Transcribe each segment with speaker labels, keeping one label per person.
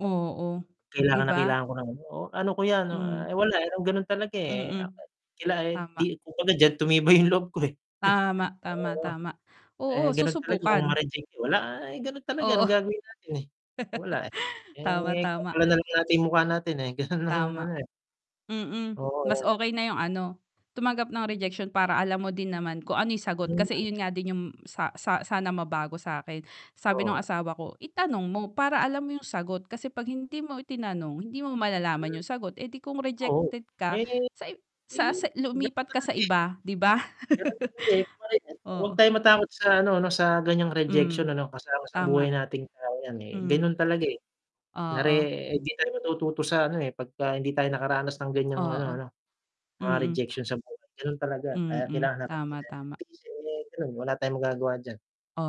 Speaker 1: Oo. Di
Speaker 2: Kailangan na
Speaker 1: ba?
Speaker 2: kailangan ko ng ano, oh, ano ko yan, 'no,
Speaker 1: Hmm.
Speaker 2: ah, eh, wala, eh, ganun talaga, eh. Ah,
Speaker 1: Mm.
Speaker 2: eh, kila e di
Speaker 1: Tama.
Speaker 2: kuku na diyan, tumibay yung loob ko, eh.
Speaker 1: Tama, tama,
Speaker 2: Oo.
Speaker 1: tama. Oo,
Speaker 2: Eh, ganun talaga kung
Speaker 1: susubukan.
Speaker 2: ma-reject yun. Wala, ah, eh, ganun talaga,
Speaker 1: Oo.
Speaker 2: anong gagawin natin eh, wala, eh.
Speaker 1: Tama,
Speaker 2: Eh,
Speaker 1: tama.
Speaker 2: kapalan na lang natin yung mukha natin. Eh, ganun lang yung
Speaker 1: Tama.
Speaker 2: ano, eh.
Speaker 1: Mm.
Speaker 2: Oo,
Speaker 1: Mas
Speaker 2: ayan.
Speaker 1: okey na yung ano, tumanggap ng rejection para alam mo din naman kung ano yung sagot.
Speaker 2: Ayun nga,
Speaker 1: Kasi
Speaker 2: eh.
Speaker 1: iyon nga din yung sa sa sana mabago sa'kin.
Speaker 2: Oo,
Speaker 1: Sabi nung
Speaker 2: nga.
Speaker 1: asawa ko, itanong mo, para alam mo yung sagot. Kasi 'pag hindi mo itinanong, hindi mo malalaman
Speaker 2: Mm.
Speaker 1: yung sagot. Eh, di kung
Speaker 2: Oo.
Speaker 1: rejected ka
Speaker 2: Ay, ngayon mo
Speaker 1: sa ib sa
Speaker 2: ayun,
Speaker 1: sa
Speaker 2: ganun
Speaker 1: lumipat ka sa
Speaker 2: talaga, eh.
Speaker 1: iba, di ba?
Speaker 2: Ganun talaga, eh. [unintelligible] wag
Speaker 1: Oo.
Speaker 2: tayo matakot sa ano 'no, sa ganyang rejection
Speaker 1: Hmm.
Speaker 2: ano. Kasama sa buhay
Speaker 1: Tama.
Speaker 2: natin tao 'yan, eh.
Speaker 1: Hmm.
Speaker 2: Ganun talaga, eh. Nare
Speaker 1: Oo.
Speaker 2: eh, hindi tayo matututo sa ano, eh, pagka hindi tayo nakaranas ng ganyang ano
Speaker 1: Oo.
Speaker 2: 'no, mga
Speaker 1: Mm.
Speaker 2: rejection sa buhay. Gano'n talaga, kaya
Speaker 1: Mm.
Speaker 2: kailangan natin
Speaker 1: Tama,
Speaker 2: yan
Speaker 1: tama.
Speaker 2: tiisin, ganun, wala tayong magagawa diyan.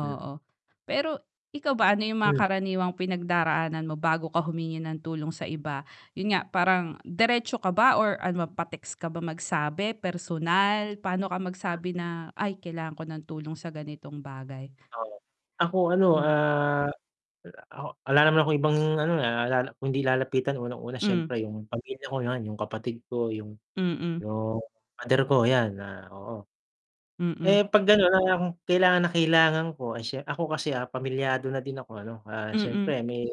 Speaker 2: Hmm.
Speaker 1: Pero ikaw ba ano yung mga
Speaker 2: Hmm.
Speaker 1: karaniwang pinagdaraanan mo bago ka humingi ng tulong sa iba? Yun nga, parang diretso ka ba or ano ba, pa-text ka ba magsabi, personal? Pa'no ka
Speaker 2: Hmm.
Speaker 1: magsabi na, "Ay, kailangan ko ng tulong sa ganitong bagay."
Speaker 2: Oo. Ako ano,
Speaker 1: Hmm.
Speaker 2: ah, wala ako, 'ala naman akong ibang ano, naalala kundi lalapitan unang-una,
Speaker 1: Hmm.
Speaker 2: siyempre yung pamilya ko, 'yan. Yung kapatid ko, yung
Speaker 1: Mm.
Speaker 2: yung father ko, 'yan, ah, oo. Eh,
Speaker 1: Mm.
Speaker 2: 'pag gano'n ang kailangan na kailangan ko ay, sye ako kasi, ah, pamilyado na din ako ano? Ah,
Speaker 1: Mm.
Speaker 2: siyempre may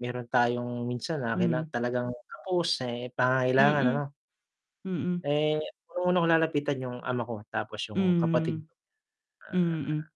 Speaker 2: meron tayong minsan na kaila
Speaker 1: Hmm.
Speaker 2: talagang kapos, eh, pangangailangan
Speaker 1: Mm.
Speaker 2: ano?
Speaker 1: Mm.
Speaker 2: Eh, unang-una kong lalapitan yung ama ko, tapos yung kapatid
Speaker 1: Hmm.
Speaker 2: ko, ah
Speaker 1: Mm.